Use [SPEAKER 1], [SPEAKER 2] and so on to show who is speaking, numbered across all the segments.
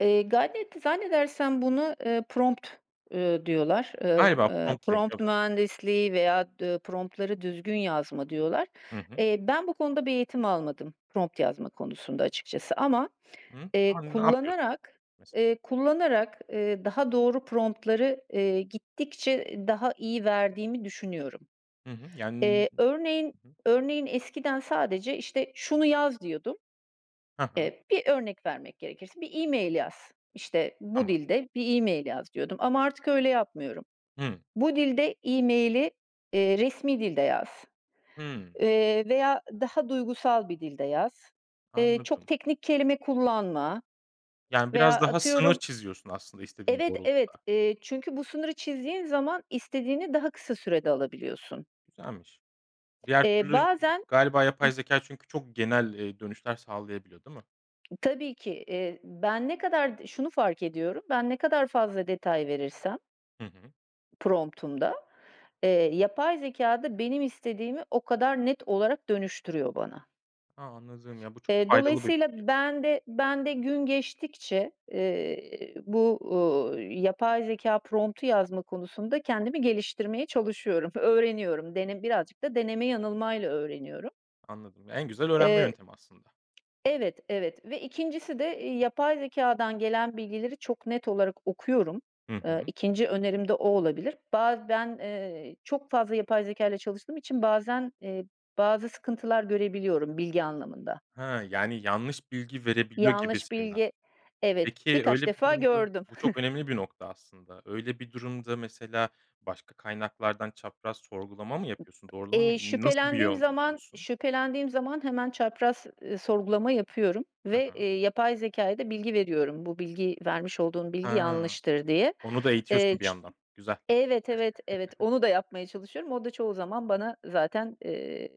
[SPEAKER 1] Eee, Gadget'te zannedersem buna, eee, prompt ııı, diyorlar, ııı,
[SPEAKER 2] Galiba
[SPEAKER 1] ııı,
[SPEAKER 2] prompt
[SPEAKER 1] prompt
[SPEAKER 2] deniyor [unintelligible]
[SPEAKER 1] mühendisliği veya d ııı, prompt'ları düzgün yazma diyorlar.
[SPEAKER 2] Hı hı.
[SPEAKER 1] Eee, ben bu konuda bir eğitim almadım prompt yazma konusunda açıkçası ama,
[SPEAKER 2] Hıh.
[SPEAKER 1] eee,
[SPEAKER 2] A! Ne yapıyorsun
[SPEAKER 1] kullanarak,
[SPEAKER 2] mes
[SPEAKER 1] eee, kullanarak, eee, daha doğru prompt'ları eee, gittikçe, eee, daha iyi verdiğimi düşünüyorum.
[SPEAKER 2] Hı hı. Yan
[SPEAKER 1] Eee, örneğin,
[SPEAKER 2] hı hı.
[SPEAKER 1] örneğin eskiden sadece işte şunu yaz diyordum.
[SPEAKER 2] Ha ha.
[SPEAKER 1] Eee, bir örnek vermek gerekirse, bir e-mail yaz. İşte bu
[SPEAKER 2] Tamam.
[SPEAKER 1] dilde bir e-mail yaz diyordum ama artık öyle yapmıyorum.
[SPEAKER 2] Hımm.
[SPEAKER 1] Bu dilde e-maili, eee, resmî dilde yaz,
[SPEAKER 2] Hımm.
[SPEAKER 1] eee, veya daha duygusal bir dilde yaz. Eee, çok
[SPEAKER 2] Anladım.
[SPEAKER 1] teknik kelime kullanma
[SPEAKER 2] Yani
[SPEAKER 1] veya
[SPEAKER 2] biraz daha sınır
[SPEAKER 1] atıyorum
[SPEAKER 2] çiziyorsun aslında istediğin
[SPEAKER 1] Evet
[SPEAKER 2] doğrultuda.
[SPEAKER 1] evet, eee, çünkü bu sınırı çizdiğin zaman istediğini daha kısa sürede alabiliyorsun.
[SPEAKER 2] Güzelmiş. Diğer
[SPEAKER 1] Eee,
[SPEAKER 2] türlü zü
[SPEAKER 1] bazen
[SPEAKER 2] galiba yapay
[SPEAKER 1] ı
[SPEAKER 2] zekâ çünkü çok genel, eee, dönüşler sağlayabiliyor, değil mi?
[SPEAKER 1] Tabii ki, eee, ben ne kadar d şunu fark ediyorum; ben ne kadar fazla detay verirsem
[SPEAKER 2] Hı hı.
[SPEAKER 1] prompt'umda eee, yapay zekâ da benim istediğimi o kadar net olarak dönüştürüyor bana.
[SPEAKER 2] Ha anladım, ya, bu çok
[SPEAKER 1] Eee,
[SPEAKER 2] faydalı bir
[SPEAKER 1] dolayısıyla
[SPEAKER 2] bilgi.
[SPEAKER 1] ben de, ben de gün geçtikçe, eee, bu, ııı, yapay zekâ prompt'u yazma konusunda kendimi geliştirmeye çalışıyorum, öğreniyorum. Dene birazcık da deneme yanılmayla öğreniyorum.
[SPEAKER 2] Anladım, ya, en güzel öğrenme
[SPEAKER 1] Eee
[SPEAKER 2] yöntemi aslında.
[SPEAKER 1] Evet, evet ve 2.'si de, eee, yapay zekâdan gelen bilgileri çok net olarak okuyorum.
[SPEAKER 2] Hı
[SPEAKER 1] Iıı,
[SPEAKER 2] hı.
[SPEAKER 1] 2. önerim de o olabilir. Ba ben, eee, çok fazla yapay zekâyla çalıştığım için bazen, eee, bazı sıkıntılar görebiliyorum bilgi anlamında.
[SPEAKER 2] Ha. Yani yanlış bilgi verebiliyor
[SPEAKER 1] Yanlış
[SPEAKER 2] gibisinden.
[SPEAKER 1] bilgi, evet,
[SPEAKER 2] Peki,
[SPEAKER 1] birkaç
[SPEAKER 2] öyle bir
[SPEAKER 1] defa
[SPEAKER 2] durumda
[SPEAKER 1] gördüm.
[SPEAKER 2] bu çok önemli bir nokta aslında. Öyle bir durumda mesela, başka kaynaklardan çapraz sorgulama mı yapıyorsun? Doğrulama mı,
[SPEAKER 1] Eee,
[SPEAKER 2] nasıl bir
[SPEAKER 1] şüphelendiğim
[SPEAKER 2] yol
[SPEAKER 1] zaman,
[SPEAKER 2] izliyorsun?
[SPEAKER 1] şüphelendiğim zaman hemen çapraz, ııı, sorgulama yapıyorum
[SPEAKER 2] Ha
[SPEAKER 1] ve,
[SPEAKER 2] ha.
[SPEAKER 1] eee, yapay zekâya da bilgi veriyorum. Bu bilgi vermiş olduğun bilgi
[SPEAKER 2] Ha.
[SPEAKER 1] yanlıştır diye.
[SPEAKER 2] Onu da
[SPEAKER 1] Eee,
[SPEAKER 2] eğitiyorsun bir
[SPEAKER 1] ç
[SPEAKER 2] yandan. Güzel.
[SPEAKER 1] evet, evet, evet, onu da yapmaya çalışıyorum. O da çoğu zaman bana zaten, eee,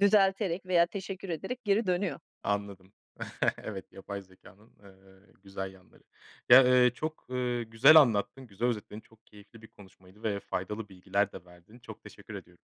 [SPEAKER 1] düzelterek veya teşekkür ederek geri dönüyor.
[SPEAKER 2] Anladım. Evet, yapay zekânın, ııı, güzel yanları. Ya, ııı, çok, ııı, güzel anlattın. Güzel özetledin. Çok keyifli bir konuşmaydı ve faydalı bilgiler de verdin. Çok teşekkür ediyorum.